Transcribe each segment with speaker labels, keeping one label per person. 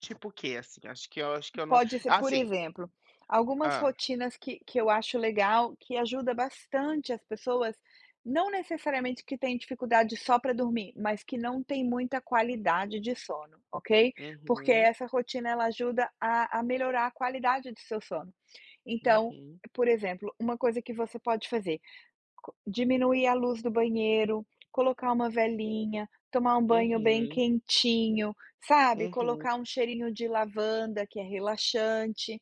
Speaker 1: Tipo o quê assim. Acho que eu acho que eu não
Speaker 2: Pode ser. Por
Speaker 1: assim
Speaker 2: exemplo, algumas
Speaker 1: Hã.
Speaker 2: rotinas que que eu acho legal, que ajuda bastante as pessoas, não necessariamente que têm dificuldade só pra dormir, mas que não têm muita qualidade de sono, ok? Porque
Speaker 1: Uhum.
Speaker 2: essa rotina, ela ajuda a a melhorar a qualidade do seu sono. Então,
Speaker 1: Uhum.
Speaker 2: por exemplo, uma coisa que você pode fazer: co diminuir a luz do banheiro, colocar uma velhinha, tomar um banho bem
Speaker 1: Uhum.
Speaker 2: quentinho, sabe?
Speaker 1: Uhum.
Speaker 2: Colocar um cheirinho de lavanda na cama, que é relaxante.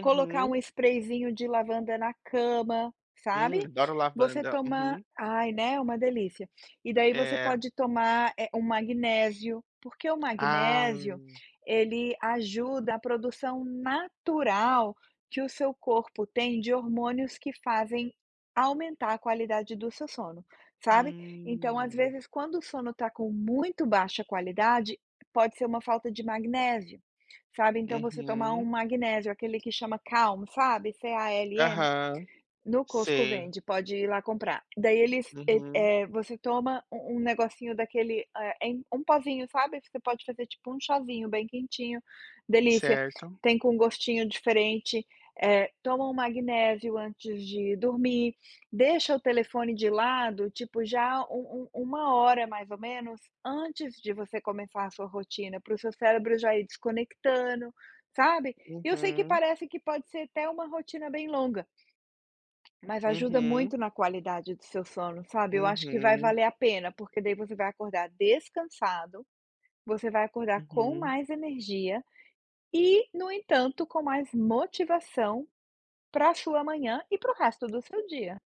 Speaker 2: Colocar um sprayzinho de lavanda na cama,
Speaker 1: Hum,
Speaker 2: sabe?
Speaker 1: adoro
Speaker 2: Você
Speaker 1: lavanda.
Speaker 2: toma
Speaker 1: Uhum.
Speaker 2: ai, né? Uma delícia. E daí você
Speaker 1: É.
Speaker 2: pode tomar, eh, o magnésio. Porque o
Speaker 1: Ah.
Speaker 2: magnésio, ele ajuda a produção natural que o seu corpo tem de hormônios que fazem aumentar a qualidade do seu sono, sabe? Então, às
Speaker 1: Hum.
Speaker 2: vezes, quando o sono está com muito baixa qualidade, pode ser uma falta de magnésio, sabe? Então você tomar um
Speaker 1: Uhum.
Speaker 2: magnésio, aquele que chama Calm, sabe? C-A-L-M.
Speaker 1: Aham.
Speaker 2: No Costco
Speaker 1: Sei.
Speaker 2: vende. Pode ir lá comprar. Daí eles e
Speaker 1: Uhum.
Speaker 2: eh, você toma um um negocinho daquele, eh, em um pozinho, sabe? Você pode fazer tipo um chazinho bem quentinho. Delícia.
Speaker 1: Certo.
Speaker 2: Tem com um gostinho diferente. Eh, toma um magnésio antes de dormir. Deixa o telefone de lado, tipo já um um 1 hora, mais ou menos, antes de você começar a sua rotina. Para o seu cérebro já ir desconectando, sabe? E eu sei que
Speaker 1: Uhum.
Speaker 2: parece que pode ser até uma rotina bem longa mas ajuda
Speaker 1: Uhum.
Speaker 2: muito na qualidade do seu sono, sabe? Eu acho que vai
Speaker 1: Uhum.
Speaker 2: valer a pena, porque daí você vai acordar descansado, você vai acordar com
Speaker 1: Uhum.
Speaker 2: mais energia e no entanto, com mais motivação para sua manhã e para o resto do seu dia.